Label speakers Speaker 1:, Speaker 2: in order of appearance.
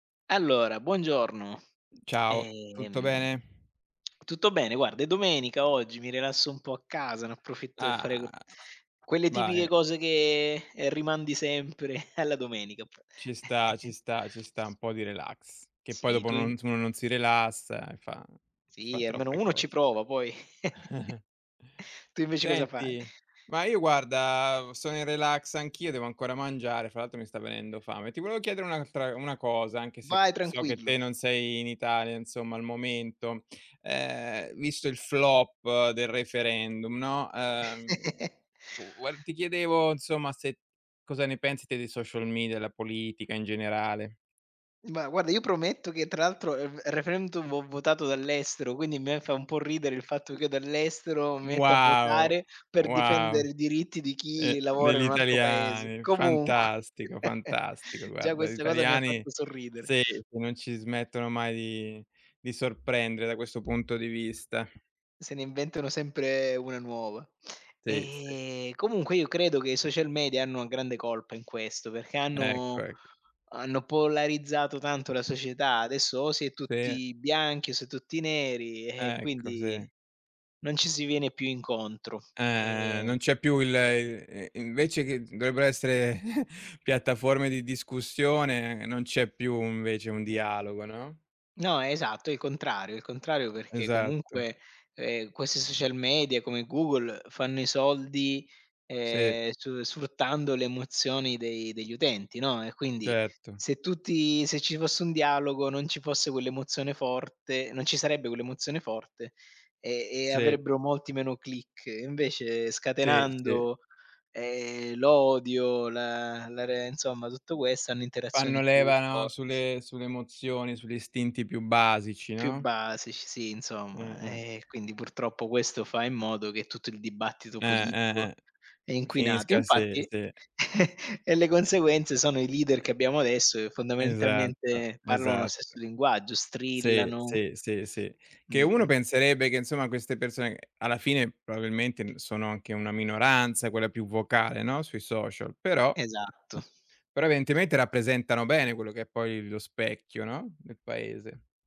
Speaker 1: Allora buongiorno.
Speaker 2: Ciao, tutto
Speaker 1: Ehm.
Speaker 2: bene?
Speaker 1: Tutto bene, guarda è domenica oggi, mi rilasso un po' a casa, ne approfitto per fare q
Speaker 2: Ah.
Speaker 1: quelle tipiche
Speaker 2: Vai.
Speaker 1: cose che rimandi sempre alla
Speaker 2: Eh,
Speaker 1: domenica app
Speaker 2: ci sta ci sta ci sta un po' di relax. Che poi
Speaker 1: Sì,
Speaker 2: dopo
Speaker 1: tu
Speaker 2: uno
Speaker 1: in
Speaker 2: n uno non si rilassa e fa fa
Speaker 1: Sì, almeno
Speaker 2: troppe
Speaker 1: uno ci
Speaker 2: cose.
Speaker 1: prova, poi Tu invece cosa fa?
Speaker 2: Senti ma io guarda, sono in relax anch'io, devo ancora mangiare, fra l'altro mi sta venendo fame. Ti volevo chiedere un'altra una cosa anche se c
Speaker 1: Vai
Speaker 2: so che
Speaker 1: tranquillo.
Speaker 2: te non sei in Italia insomma al momento, ehm, visto il flop del referendum, no, ehm, tu v ti chiedevo, insomma, se cosa ne pensi te dei social media, della politica, in generale.
Speaker 1: Ma guarda io prometto che tra l'altro, ehm, il referendum ho votato dall'estero, quindi a me fa un po' ridere il fatto
Speaker 2: U
Speaker 1: che io dall'estero mi metto a
Speaker 2: Wow,
Speaker 1: votare per
Speaker 2: wow.
Speaker 1: difendere i diritti di chi
Speaker 2: Eh,
Speaker 1: lavora in
Speaker 2: degli
Speaker 1: un altro paese.
Speaker 2: italiani.
Speaker 1: Comunque,
Speaker 2: Fantastico, fantastico.
Speaker 1: già
Speaker 2: Guarda, gli
Speaker 1: questa cosa mi ha
Speaker 2: italiani
Speaker 1: fatto sorridere.
Speaker 2: sì, non ci smettono mai di di sorprendere da questo punto di vista.
Speaker 1: Se ne inventano sempre una nuova.
Speaker 2: Sì, sì.
Speaker 1: Ehm, comunque io credo che i social media hanno grande colpa in questo, perché
Speaker 2: Ecco,
Speaker 1: hanno
Speaker 2: ecco.
Speaker 1: hanno polarizzato tanto la società. Adesso o si è
Speaker 2: Sì.
Speaker 1: tutti bianchi, o si è tutti neri eh,
Speaker 2: Ecco,
Speaker 1: quindi
Speaker 2: sì.
Speaker 1: non ci si viene più incontro.
Speaker 2: Eh, eh, eh, non
Speaker 1: Ehm
Speaker 2: c'è più il i invece che dovrebbero essere piattaforme di discussione, non c'è più invece un dialogo, no?
Speaker 1: No, esatto, il contrario il contrario perché
Speaker 2: Esatto.
Speaker 1: comunque, ehm, questi social media come Google fanno i soldi,
Speaker 2: Sì.
Speaker 1: ehm, su sfruttando le emozioni dei degli utenti, no. E quindi
Speaker 2: Certo.
Speaker 1: se tutti se ci fosse un dialogo non ci fosse quell'emozione forte non ci sarebbe quell'emozione forte e e
Speaker 2: Sì.
Speaker 1: avrebbero molti meno click. Invece
Speaker 2: Sì, sì.
Speaker 1: scatenando, ehm, l'odio, la la re insomma tutto questo, hanno
Speaker 2: Fanno
Speaker 1: interazioni più
Speaker 2: leva, no
Speaker 1: forti.
Speaker 2: sulle sulle emozioni, sugli istinti più basici,
Speaker 1: Più
Speaker 2: no?
Speaker 1: basici, sì
Speaker 2: Eh,
Speaker 1: insomma.
Speaker 2: eh.
Speaker 1: Eh, quindi purtroppo questo fa in modo che tutto il dibattito
Speaker 2: Eh, eh,
Speaker 1: politico
Speaker 2: eh.
Speaker 1: è inquinato.
Speaker 2: Finisca a se,
Speaker 1: Infatti
Speaker 2: sì.
Speaker 1: e le conseguenze sono i leader che abbiamo adesso che
Speaker 2: Esatto,
Speaker 1: fondamentalmente parlano lo
Speaker 2: esatto.
Speaker 1: stesso linguaggio,
Speaker 2: Sì,
Speaker 1: strillano.
Speaker 2: sì, sì, sì. Che uno
Speaker 1: Mh-mh.
Speaker 2: penserebbe che insomma queste persone alla fine probabilmente n sono anche una minoranza, quella più vocale, no, sui social, però
Speaker 1: Esatto.
Speaker 2: però evidentemente rappresentano bene quello che è poi lo specchio, no, del paese.